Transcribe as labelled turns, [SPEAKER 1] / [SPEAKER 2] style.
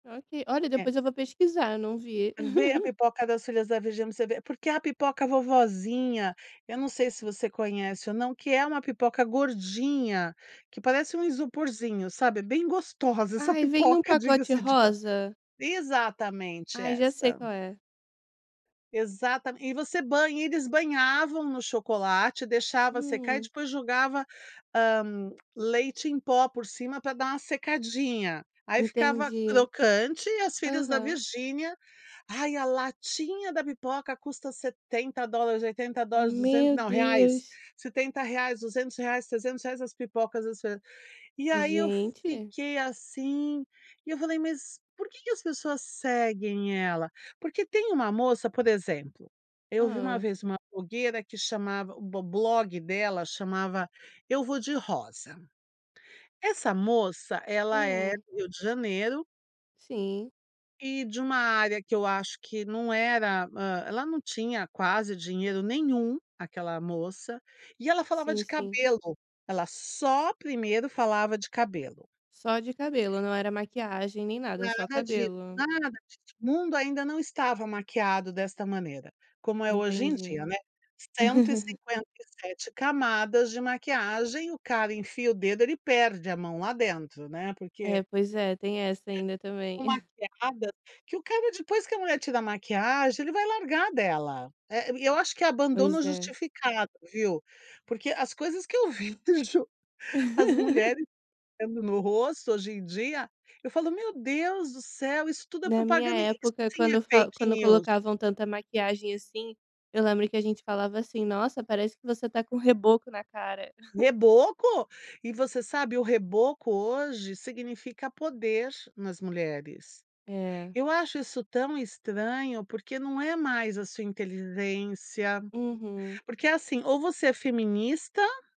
[SPEAKER 1] Ó que olha,
[SPEAKER 2] É.
[SPEAKER 1] depois eu vou pesquisar, eu não vi.
[SPEAKER 2] Ver a pipoca das filhas da Virginia pra você ver. Porque é a pipoca vovozinha, eu não sei se você conhece ou não que é uma pipoca gordinha, que parece um isoporzinho, sabe, é bem gostosa essa
[SPEAKER 1] Ai, vem num
[SPEAKER 2] pipoca,
[SPEAKER 1] pacote
[SPEAKER 2] diga-se de pa
[SPEAKER 1] rosa?
[SPEAKER 2] exatamente
[SPEAKER 1] Ai, já sei
[SPEAKER 2] essa.
[SPEAKER 1] qual é.
[SPEAKER 2] Exatamen e você banha e eles banhavam no chocolate, deixava secar e
[SPEAKER 1] Hum.
[SPEAKER 2] depois jogava, hã, leite em pó por cima pra dar uma secadinha. Aí ficava
[SPEAKER 1] Entendi.
[SPEAKER 2] crocante, e as filhas da
[SPEAKER 1] Aham.
[SPEAKER 2] Virginia, ai, a latinha da pipoca custa $70, $80, duzen
[SPEAKER 1] Meu
[SPEAKER 2] não, reais,
[SPEAKER 1] Deus!
[SPEAKER 2] R$70, R$200, R$300 as pipocas das filhas. E aí eu
[SPEAKER 1] Gente.
[SPEAKER 2] fiquei assim, e eu falei: "Mas, por que que as pessoas seguem ela?". Porque tem uma moça por exemplo, eu vi uma
[SPEAKER 1] Hã.
[SPEAKER 2] vez uma blogueira que chamava o bo blog dela chamava, Eu Vou de Rosa. Essa moça ela é
[SPEAKER 1] Hum.
[SPEAKER 2] Rio de Janeiro
[SPEAKER 1] Sim.
[SPEAKER 2] e de uma área que eu acho que não era hã, ela não tinha quase dinheiro nenhum, aquela moça. E ela falava
[SPEAKER 1] Sim,
[SPEAKER 2] de
[SPEAKER 1] sim.
[SPEAKER 2] cabelo, ela só primeiro falava de cabelo.
[SPEAKER 1] Só de cabelo, não era maquiagem nem nada, só
[SPEAKER 2] Nada di
[SPEAKER 1] cabelo.
[SPEAKER 2] nada di o mundo ainda não estava maquiado desta maneira, como é hoje em
[SPEAKER 1] Entendi.
[SPEAKER 2] dia, né. cento e cinquenta e sete camadas de maquiagem, o cara enfia o dedo, ele perde a mão lá dentro, né. Porque,
[SPEAKER 1] É, pois é, tem essa ainda
[SPEAKER 2] [unintelligible]
[SPEAKER 1] também.
[SPEAKER 2] tão maquiada que o cara, depois que a mulher tira a maquiagem, ele vai largar dela. Eh, e eu acho que é abandono
[SPEAKER 1] Pois é.
[SPEAKER 2] justificado, viu. Porque as coisas que eu vi do jo as mulheres aplicando no rosto hoje em dia, eu falo: "Meu Deus do céu, isso tudo é
[SPEAKER 1] Na minha
[SPEAKER 2] propaganda. Isso
[SPEAKER 1] época
[SPEAKER 2] sim
[SPEAKER 1] quando
[SPEAKER 2] é
[SPEAKER 1] eu falo
[SPEAKER 2] fake
[SPEAKER 1] quando
[SPEAKER 2] news".
[SPEAKER 1] colocavam tanta maquiagem assim, eu lembro que a gente falava assim: "Nossa, parece que você está com o reboco na cara".
[SPEAKER 2] Reboco. E você sabe, o reboco hoje significa poder nas mulheres.
[SPEAKER 1] É.
[SPEAKER 2] Eu acho isso tão estranho porque não é mais a sua inteligência.
[SPEAKER 1] Uhum.
[SPEAKER 2] Porque, assim, ou você é feminista